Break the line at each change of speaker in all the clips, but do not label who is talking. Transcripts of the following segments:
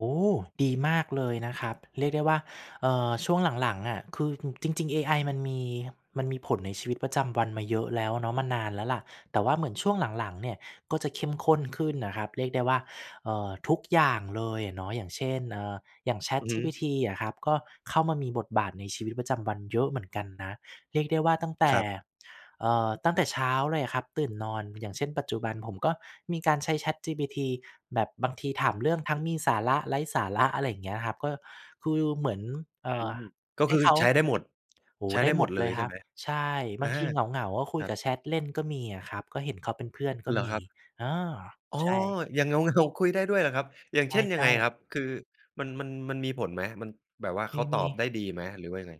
โอ้! ดีมากเลยนะครับ เรียกได้ว่า เอ่อ ช่วงหลัง ๆ อะ คือ อ จริง ๆ เอไอมันมี มันมีผลในชีวิตประจำวันมาเยอะแล้วอะเนาะ มานานแล้วแหละ แต่ว่าเหมือนช่วงหลัง ๆ เนี่ยก็จะเข้มข้นขึ้นน่ะครับ เรียกได้ว่า เอ่อ ทุกอย่างเลยอะเนาะ อย่างเช่น เอ่อ อย่าง
อือฮึ
ChatGPTอะครับ ก็เข้ามามีบทบาทในชีวิตประจำวันเยอะเหมือนกันนะ เรียกได้ว่าตั้งแต่
ครับ
เอ่อ ตั้งแต่เช้าเลยครับ ตื่นนอน อย่างเช่น ปัจจุบันผมก็มีการใช้ ChatGPT แบบบางทีถามเรื่องทั้งมีสาระไร้สาระ อะไรอย่างเงี้ยครับ ก็คือเหมือน เอ
อ
่
ื
อ
ม ก็
ใ
ค
ห
ื
้
อ
เขา
ใช้ได้หมด
โอ้!
ใช้
ได
ได
้
้ห
หม
มด
ด
เล
เล
ย
ย
ใ
ค
ช่
รั
ไ
บ
หม?
ใช่
อ
บา
า
งทีเหงา ๆ ก็คุ
ค
ย
รับ
กับแชทเล่นก็มีอะครับ ก็เห็นเขาเป็นเพื่อนก็
เหรอ
ม
ค
ี
รับ?
เออ
อ๋อ
ใช่
อย่างเหงา ๆ คุยได้ด้วยเหรอครับ อย่าง
ใ
เช่นยั
ช
งไง
่
ค
ๆ
รับ? คือ มัน มัน มันมีผลไหม มัน แบบว่าเขาต
ม
อ
ี ๆ
บได้ดีไหม หรือว่ายังไง?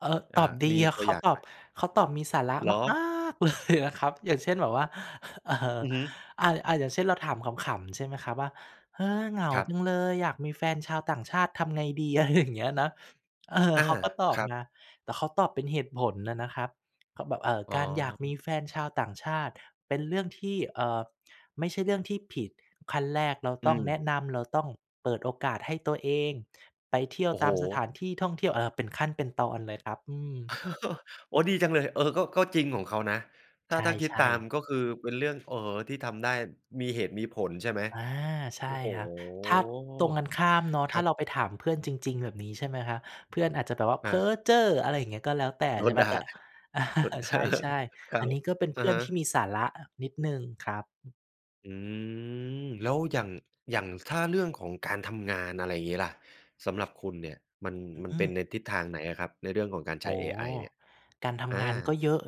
เอ่อ
อ
ต
า
อบด
ม
ี
ีตั
เ
ว
ข
อ
า
ย่าง
ตอ
ไห
บ
ม?
เขาตอบมีสาระ
เหร
มาก
อ?
มากเลยอะครับ อย่างเช่น แบบว่า เอ่อ
อือฮึ
อา ๆ อย่างเช่น เราถามขำ ๆ ใช่ไหมครับ ว่า "เฮ้อ เหงา
ครั
จั
บ
งเลย อยากมีแฟนชาวต่างชาติทำไงดี?" อะไรอย่างเงี้ยนะ เออ
อา
เขาก็ตอบ
ครับ
มา แต่เขาตอบเป็นเหตุผลน่ะนะครับ เขาแบบ เอ่อ
อ๋
"การอยากมี
อ
แฟนชาวต่างชาติเป็นเรื่องที่ เอ่อ ไม่ใช่เรื่องที่ผิด ขั้นแรกเรา
อื
ต้องแน
ม
ะนำ เราต้องเปิดโอกาสให้ตัวเอง ไปเที่ยว
โอ้โ
ต
ฮ!
ามสถานที่ท่องเที่ยว" เอ่อ เป็นขั้นเป็นตอนเลยครับ อืม
โอ้! ดีจังเลย เออ ก็ ก็จริงของเขานะ ถ
ใ
้า ถ้าคิด
ช
ต
่
าม
ๆ
ก็คือเป็นเรื่อง เอ่อ ที่ทำได้ มีเหตุมีผล ใช่ไหม?
อา ใช
โ
่
อ้โฮ!
ครับ ถ้าตรงกันข้ามเนาะ
ค
ถ้
รั
า
บ
เราไปถามเพื่อนจริง ๆ แบบนี้ ใช่ไหมครับ เพื่อนอาจจะแบบว่า "เพ
อ
้อ
า
เจ้อ" อะไรอย่างเงี้ย ก็แล้วแต่
อ๋อ
ใช่ไห
ด
ม
่า
แต่ อา
ก็
ใช่
คร
ๆ
ั
อัน
บ
นี้ก็เป็น
อ
เพ
ะ
ื่อ
ฮ
น
ะ
ที่มีสาระ อ นิดหนึ่งครับ
อืม แล้วอย่าง อย่างถ้าเรื่องของการทำงาน อะไรอย่างงี้ล่ะ สำหรับคุณเนี่ยมัน
อือ
มั
อ
น
ื
เป็
ม
นในทิศทางไหนอะครับ ในเรื่องของการใ
โ
ช
อ
้
้
เอไอเนี่ย?
การท
อ
ำง
า
านก็เยอะ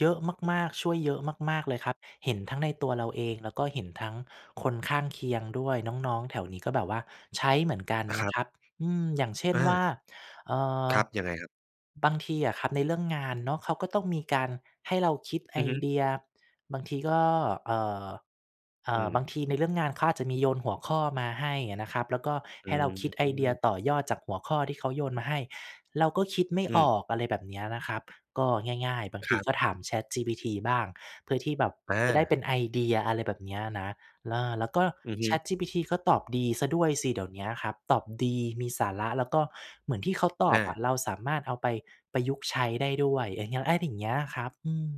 เยอะมาก ๆ ช่วยเยอะมาก ๆ เลยครับ เห็นทั้งในตัวเราเอง แล้วก็เห็นทั้งคนข้างเคียงด้วย น้อง ๆ แถวนี้ก็แบบว่าใช้เหมือนกัน
อ ค
น
ร
ะ
ับ
ครับ อืม อย่างเช่น
อา
ว่า เอ่อ
ครับ ยังไงครับ?
บางทีอะครับในเรื่องงานเนาะ เขาก็ต้องมีการให้เราคิดไ
อ
อ
ือฮึ
เดีย บางทีก็ เอ่อ เอ่
อื
อ บา
ม
งทีในเรื่องงานเขาอาจจะมีโยนหัวข้อมาให้อะนะครับ แล้วก็
อ
ให้เราคิดไอเดีย
ืม
ต่อยอดจากหัวข้อที่เขาโยนมาให้ เราก็คิดไม่
อ
อ
ืม
อก อะไรแบบเนี้ยนะครับ ก็ง่าย ๆ บาง
ค
ที
รับ
ก็ถาม ChatGPT บ้าง เพื่อที่แบบ
อ
จะได้เป
า
็นไอเดีย อะไรแบบเนี้ยนะ เออ แล้วก็
อือฮึ
ChatGPT ก็ตอบดีเสียด้วยสิเดี๋ยวเนี้ยครับ ตอบดี มีสาระ แล้วก็เหมือนที่เขาตอ
อ
บ
า
อะเราสามารถเอาไปประยุกต์ใช้ได้ด้วย อย่างเงี้ย อะไรอย่างเงี้ยครับ อืม